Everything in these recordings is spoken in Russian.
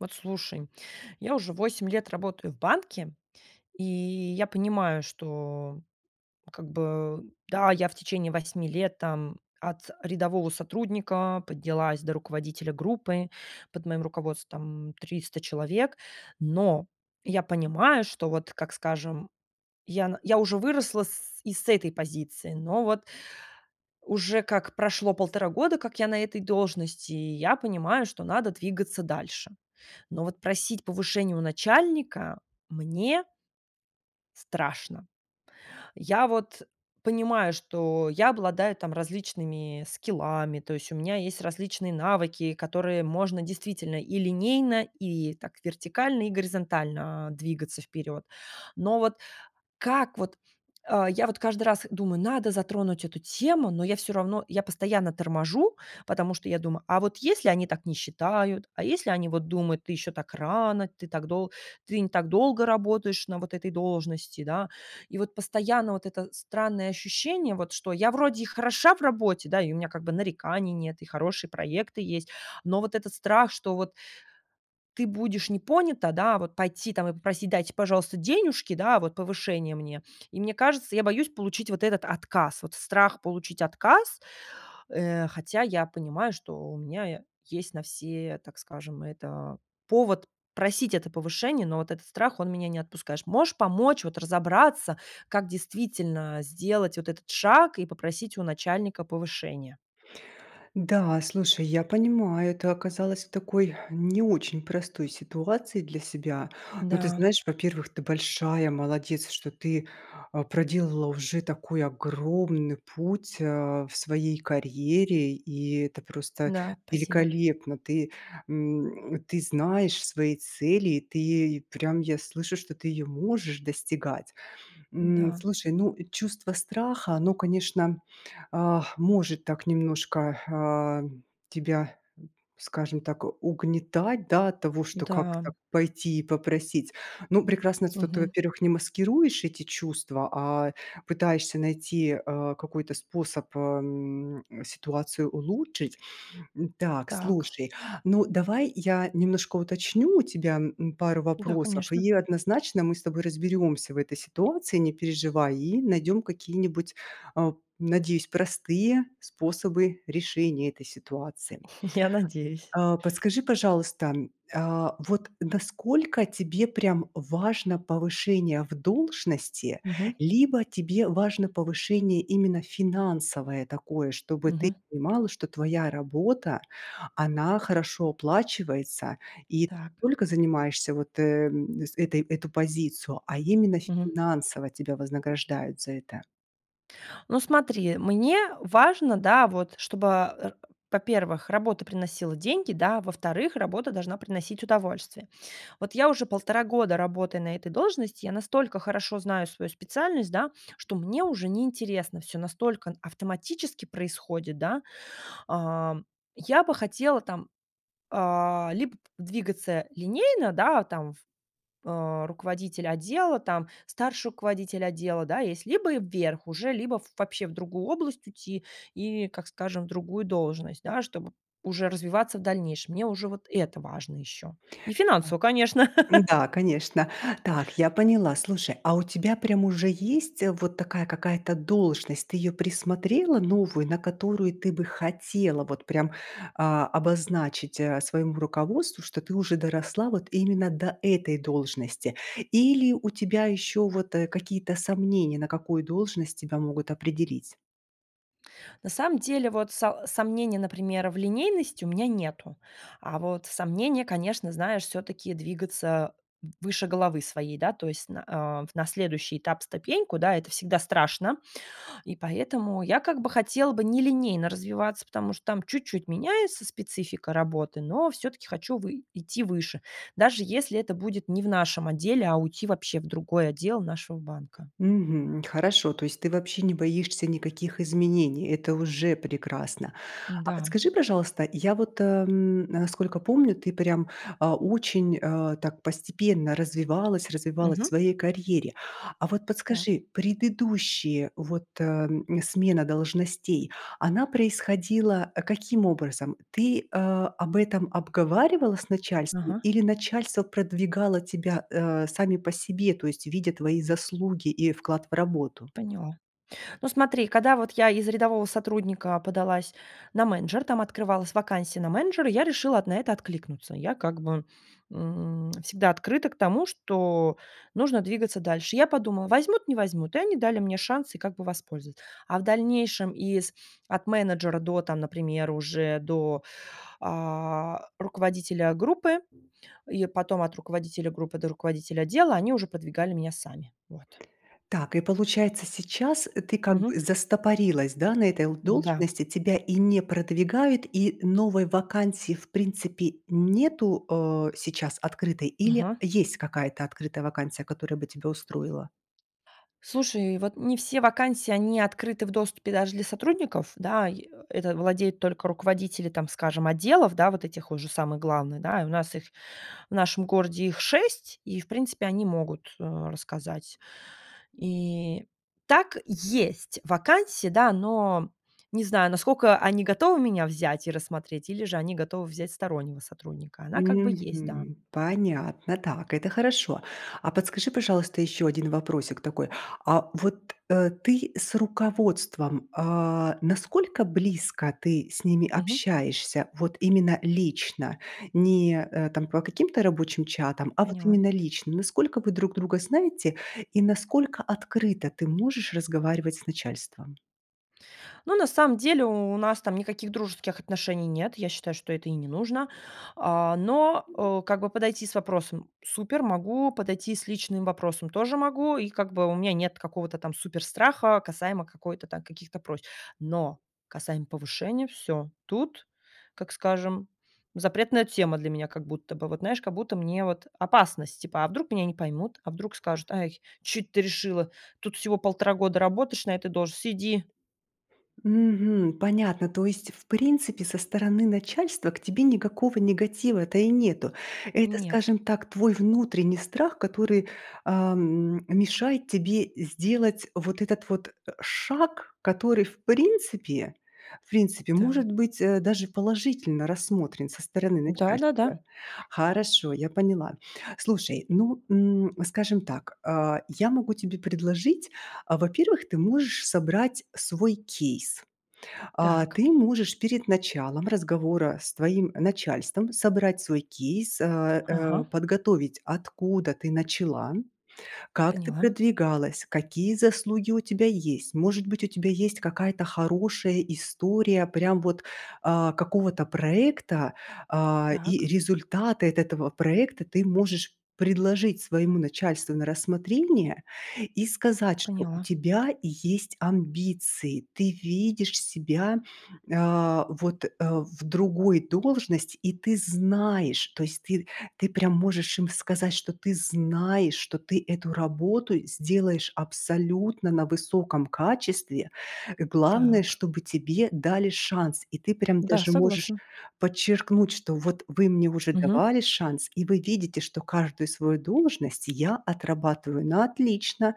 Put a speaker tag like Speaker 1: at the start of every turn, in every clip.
Speaker 1: Вот слушай, я уже 8 лет работаю в банке и я понимаю, что как бы, да, я в течение 8 лет там от рядового сотрудника поднялась до руководителя группы, под моим руководством 300 человек, но я понимаю, что вот, как скажем, ян я уже выросла с и с этой позиции, но вот уже как прошло полтора года, как я на этой должности, и я понимаю, что надо двигаться дальше, но вот просить повышения у начальника мне страшно. Я вот понимаю, что я обладаю там различными скиллами, то есть у меня есть различные навыки, которые можно действительно и линейно, и так вертикально, и горизонтально, а, двигаться вперед. Но вот как вот, а, я вот каждый раз думаю- надо затронуть эту тему, но я всё равно, я постоянно торможу, потому что, я думаю, а вот если они так не считают, а если они вот думают: "Ты ещё так рано, ты так долг ты не так долго работаешь на вот этой должности". Да, и вот постоянно вот это странное ощущение, вот что я вроде и хороша в работе, да, и у меня как бы нареканий нет, и хорошие проекты есть, но вот этот страх, что вот ты будешь не понята, да, а вот пойти там и попросить: "Дайте, пожалуйста, денежки, да, вот повышение мне". И мне кажется, я боюсь получить вот этот отказ, вот страх получить отказ, э, хотя я понимаю, что у меня есть на все, так скажем, это повод просить это повышение, но вот этот страх- он меня не отпускаешь. Можешь помочь вот разобраться, как действительно сделать вот этот шаг и попросить у начальника повышение?
Speaker 2: Да, слушай, я понимаю, ты оказалось в такой не очень простой ситуации для себя, но, ты
Speaker 1: Да.
Speaker 2: знаешь, во-первых, ты большая молодец, что ты, а, проделала уже такой огромный путь, а, в своей карьере и это просто
Speaker 1: Да, спасибо.
Speaker 2: великолепно. Ты, м, ты знаешь свои цели, ты прям я слышу, что ты её можешь достигать, м.
Speaker 1: Да.
Speaker 2: Слушай, ну, чувство страха- оно, конечно, ах, может так немножко, а, тебя, скажем так, угнетать, да, от того, что
Speaker 1: Да.
Speaker 2: как-то пойти и попросить. Ну, прекрасно, что ты,
Speaker 1: Мгм.
Speaker 2: во-первых, не маскируешь эти чувства, а пытаешься найти, а, какой-то способ, ам, ситуацию улучшить. Так,
Speaker 1: Так.
Speaker 2: слушай, ну, давай я немножко уточню у тебя, м, пару
Speaker 1: Да,
Speaker 2: вопросов
Speaker 1: конечно.
Speaker 2: и однозначно мы с тобой разберёмся в этой ситуации, не переживай, и найдём какие-нибудь, а, надеюсь, простые способы решения этой ситуации.
Speaker 1: Я надеюсь.
Speaker 2: А подскажи, пожалуйста, а вот насколько тебе прям важно повышение в должности,
Speaker 1: Мгм.
Speaker 2: либо тебе важно повышение именно финансовое такое, чтобы ты
Speaker 1: Мгм.
Speaker 2: понимала, что твоя работа- она хорошо оплачивается и не
Speaker 1: Так.
Speaker 2: только занимаешься вот, э, с этой эту позицию, а именно
Speaker 1: Мгм.
Speaker 2: финансово тебя вознаграждают за это?
Speaker 1: Ну смотри, мне важно, да, вот чтобы, а, во-первых, работа приносила деньги, да, во-вторых, работа должна приносить удовольствие. Вот я уже полтора года работаю на этой должности, я настолько хорошо знаю свою специальность, да, что мне уже неинтересно всё, настолько автоматически происходит, да. Ам, я бы хотела там, а, либо п двигаться линейно, да, там, а, руководитель отдела, там старший руководитель отдела, да, есть, либо вверх уже, либо вообще в другую область уйти, и, как скажем, другую должность, да, чтобы уже развиваться в дальнейшем. Мне уже вот это важно ещё, и
Speaker 2: И так.
Speaker 1: финансово, конечно.
Speaker 2: Да, конечно. Так, я поняла. Слушай, а у тебя прям уже есть, э, вот такая какая-то должность? Ты её присмотрела новую, на которую ты бы хотела вот прям, а, обозначить, а, своему руководству, что ты уже доросла вот именно до этой должности? Или у тебя ещё вот, э, какие-то сомнения на какую должность тебя могут определить?
Speaker 1: На самом деле, вот са сомнений, например, в линейности у меня нету, а вот сомнения, конечно, знаешь, всё-таки двигаться выше головы своей, да, то есть на, а, на следующий этап ступеньку, да, это всегда страшно и поэтому я как бы хотела бы не линейно развиваться, потому что там чуть-чуть меняется специфика работы, но всё-таки хочу вы идти выше, даже если это будет не в нашем отделе, а уйти вообще в другой отдел нашего банка.
Speaker 2: Мгм. Хорошо, то есть ты вообще не боишься никаких изменений, это уже прекрасно. А
Speaker 1: Да.
Speaker 2: подскажи, пожалуйста, я вот, ам, насколько помню, ты прям, а, очень, а, так постепенно развивалась развивалась в
Speaker 1: Мгм.
Speaker 2: своей карьере. А вот
Speaker 1: Так.
Speaker 2: подскажи, предыдущие вот, а, смена должностей, она происходила каким образом? Ты, а, об этом обговаривала с начальством
Speaker 1: Ага.
Speaker 2: или начальство продвигало тебя, а, сами по себе, то есть видя твои заслуги и вклад в работу?
Speaker 1: Поняла. Ну смотри, когда вот я из рядового сотрудника подалась на менеджера, там открывалась вакансия на менеджер, я решила на это откликнуться. Я как бы, м, всегда открыта к тому, что нужно двигаться дальше. Я подумала: возьмут, не возьмут, и они дали мне шанс и как бы воспользоваться. А в дальнейшем из от менеджера до, например, уже до, а, руководителя группы и потом от руководителя группы до руководителя отдела- они уже подвигали меня сами. Вот.
Speaker 2: Так и, получается, сейчас ты как бы
Speaker 1: Мгм.
Speaker 2: застопорилась, да, на этой л
Speaker 1: М-да.
Speaker 2: должности, тебя и не продвигают и новой вакансии, в принципе, нету, а, сейчас открытой или
Speaker 1: Ага.
Speaker 2: есть какая-то открытая вакансия, которая бы тебя устроила?
Speaker 1: Слушай, вот не все вакансии они открыты в доступе, даже для сотрудников, да. Э, это владеют только руководители, там скажем, отделов, да, вот этих уже самых главных, да. У нас их, в нашем городе их 6, и, в принципе, они могут, э, рассказать. И так есть вакансии, да, но не знаю, насколько они готовы меня взять и рассмотреть, или же они готовы взять стороннего сотрудника, она как бы есть, да.
Speaker 2: Мгм. Понятно, так, это хорошо. А подскажи, пожалуйста, ещё 1 вопросик такой: а вот, э, ты с руководством, а, насколько близко ты с ними
Speaker 1: Мгм.
Speaker 2: общаешься? Вот именно лично, не, а, там по каким-то рабочим чатам, а вот
Speaker 1: Поняла.
Speaker 2: именно лично. Насколько вы друг друга знаете, и насколько открыто ты можешь разговаривать с начальством?
Speaker 1: Ну, на самом деле у нас там никаких дружеских отношений нет, я считаю, что это и не нужно, а, но, э, как бы подойти с вопросом- супер, могу; подойти с личным вопросом- тоже могу, и как бы у меня нет какого-то там суперстраха касаемо какой-то там каких-то просьб. Но касаемо повышения, всё, тут, как скажем, запретная тема для меня, как будто бы вот, знаешь, как будто мне вот опасность типа: а вдруг меня не поймут? A вдруг скажут: "Ай, чё эт ты решила?" Тут всего 1,5 года работаешь на этой должности- сиди!
Speaker 2: Мгм. Понятно, то есть, в принципе, со стороны начальства к тебе никакого негатива-то и нету. Это,
Speaker 1: Нет.
Speaker 2: скажем так, твой внутренний страх, который, а, м, мешает тебе сделать вот этот вот, э, шаг, который в принципе в принципе
Speaker 1: Да.
Speaker 2: может быть, э, даже положительно рассмотрен со стороны
Speaker 1: Да-да-да.
Speaker 2: начальства. Хорошо, я поняла. Слушай, ну, м, скажем так, а, я могу тебе предложить, а, во-первых, ты можешь собрать свой кейс. А,
Speaker 1: Так.
Speaker 2: ты можешь перед началом разговора с твоим начальством собрать свой кейс, а а,
Speaker 1: Ага.
Speaker 2: подготовить откуда ты начала, как ты
Speaker 1: Поняла.
Speaker 2: продвигалась, какие заслуги у тебя есть. Может быть, у тебя есть какая-то хорошая история прям вот, а, какого-то проекта, а, и
Speaker 1: Так.
Speaker 2: результаты от этого проекта ты можешь предложить своему начальству на рассмотрение и сказать, что у
Speaker 1: Поняла.
Speaker 2: тебя есть амбиции, ты видишь себя, а, вот, э, в другой должности. И ты знаешь, то есть ты ты прям можешь им сказать, что ты знаешь, что ты эту работу сделаешь абсолютно на высоком качестве. Главное,
Speaker 1: Так.
Speaker 2: чтобы тебе дали шанс. И ты прям
Speaker 1: Да,
Speaker 2: даже можешь
Speaker 1: согласна.
Speaker 2: подчеркнуть, что: "Bот вы мне уже
Speaker 1: Мгм.
Speaker 2: давали шанс. И вы видите, что каждую свою должность я отрабатываю на отлично.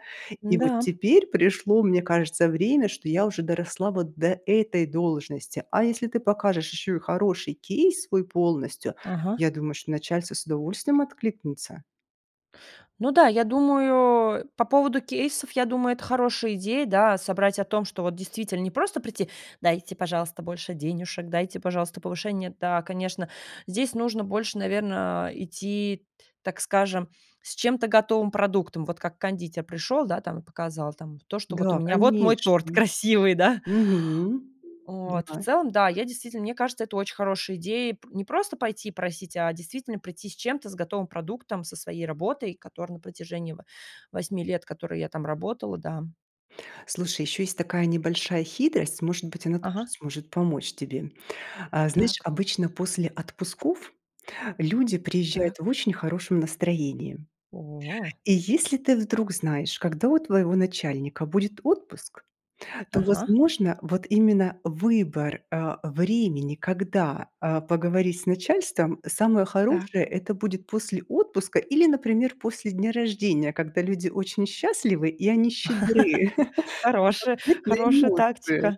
Speaker 2: И вот
Speaker 1: Н-да.
Speaker 2: теперь пришло, мне кажется, время, что я уже доросла вот до этой должности". А если ты покажешь еще и хороший кейс свой полностью,
Speaker 1: Ага.
Speaker 2: я думаю, что начальство с удовольствием откликнется.
Speaker 1: Ну да, я думаю по поводу кейсов, я думаю, это хорошая идея, да, собрать о том, что вот, действительно, не просто прийти: "Дайте, пожалуйста, больше денюшек, дайте, пожалуйста, повышение". Да, конечно, здесь нужно больше, наверно, идти, т так скажем, с чем-то готовым продуктом, вот как кондитер пришел, да, там и показал там то, что: "Bот у
Speaker 2: Да,
Speaker 1: меня вот мой торт
Speaker 2: конечно!
Speaker 1: красивый". Да?
Speaker 2: Мгм,
Speaker 1: Вот в
Speaker 2: да.
Speaker 1: целом, да, я, действительно, мне кажется, это очень хорошая идея пр не просто пойти и просить, а действительно прийти с чем-то, с готовым продуктом, со своей работой, которая на протяжении 8 лет, которой я там работала, да.
Speaker 2: Слушай, еще есть такая небольшая хитрость, может быть, она тоже
Speaker 1: Ага.
Speaker 2: сможет помочь тебе. А, знаешь,
Speaker 1: Так.
Speaker 2: обычно после отпусков люди приезжают
Speaker 1: Так.
Speaker 2: в очень хорошем настроении.
Speaker 1: О.
Speaker 2: И если ты вдруг знаешь, когда у твоего начальника будет отпуск, то,
Speaker 1: Ага.
Speaker 2: возможно, вот именно выбор, э, времени, когда, э, поговорить с начальством самое хорошее-
Speaker 1: Так.
Speaker 2: это будет после отпуска или, например, после дня рождения, когда люди очень счастливы и они щедры.
Speaker 1: Хорошая,
Speaker 2: В ответные
Speaker 1: хорошая
Speaker 2: ноты.
Speaker 1: тактика.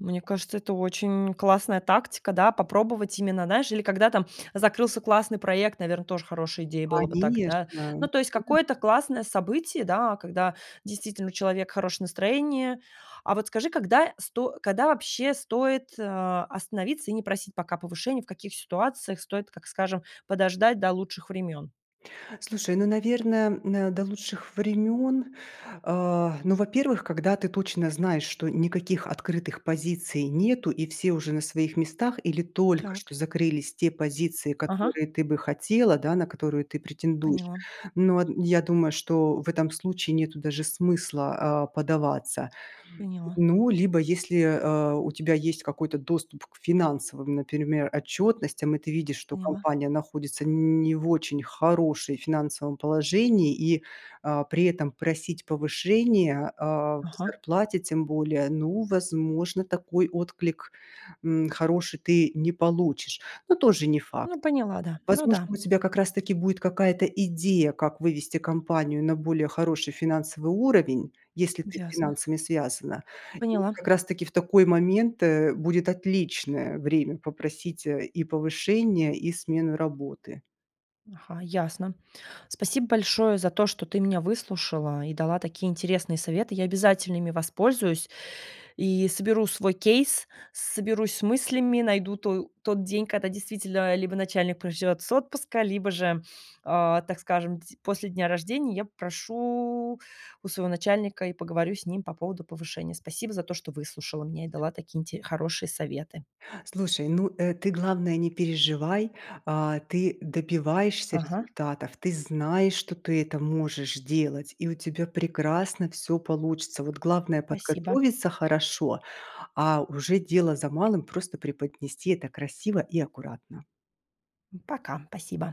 Speaker 1: Мне кажется, это очень классная тактика, да, попробовать именно, знаешь, или когда там закрылся классный проект, наверно, тоже хорошая идея было бы так, да.
Speaker 2: Конечно!
Speaker 1: Ну, то
Speaker 2: Мгм.
Speaker 1: есть какое-то классное событие, да, когда действительно у человека хорошее настроение. А вот скажи, когда сто когда, вообще, стоит, а, остановиться и не просить пока повышение, в каких ситуациях стоит, как скажем, подождать до лучших времен.
Speaker 2: Слушай, ну, наверное, м, до лучших времен, а, ну, во-первых, когда ты точно знаешь, что никаких открытых позиций нету и все уже на своих местах или только что
Speaker 1: Так.
Speaker 2: закрылись те позиции,
Speaker 1: Ага.
Speaker 2: которые ты бы хотела, да, на которые ты претендуешь.
Speaker 1: Поняла.
Speaker 2: Ну, а, н думаю, что в этом случае нету даже смысла, а, подаваться.
Speaker 1: Поняла.
Speaker 2: Ну, либо если, а, у тебя есть какой-то доступ к финансовым, например, отчетностям, и ты видишь, что
Speaker 1: Поняла.
Speaker 2: компания находится не в очень хорошей финансовом положении и, а, при этом просить повышение, а, в
Speaker 1: Ага.
Speaker 2: зарплате тем более, ну, возможно такой отклик, м, хороший ты не получишь, но тоже не факт.
Speaker 1: Ну, поняла, да. Ну
Speaker 2: Возможно,
Speaker 1: да.
Speaker 2: у тебя как раз таки будет какая-то идея, как вывести компанию на более хороший финансовый уровень, если ты с
Speaker 1: Ясно.
Speaker 2: финансами связана. И
Speaker 1: Поняла.
Speaker 2: как раз таки, в такой момент, э, будет отличное время попросить и повышения, и смену работы.
Speaker 1: Ага. Ясно. Спасибо большое за то, что ты меня выслушала и дала такие интересные советы, я обязательно ими воспользуюсь и соберу свой кейс, соберусь с мыслями, найду то тот день, когда, действительно, либо начальник проживет с отпуска, либо же, а, так скажем, д после дня рождения, я попрошу у своего начальника и поговорю с ним по поводу повышения. Спасибо за то, что выслушала, мне и дала такие инте хорошие советы.
Speaker 2: Слушай, ну, э, ты главное не переживай, а, ты добиваешься
Speaker 1: Ага.
Speaker 2: результатов, ты знаешь, что ты это можешь делать и у тебя прекрасно всё получится. Вот главное
Speaker 1: Спасибо.
Speaker 2: подготовиться хорошо, а уже дело за малым, просто преподнести это красиво и аккуратно.
Speaker 1: Пока. Спасибо.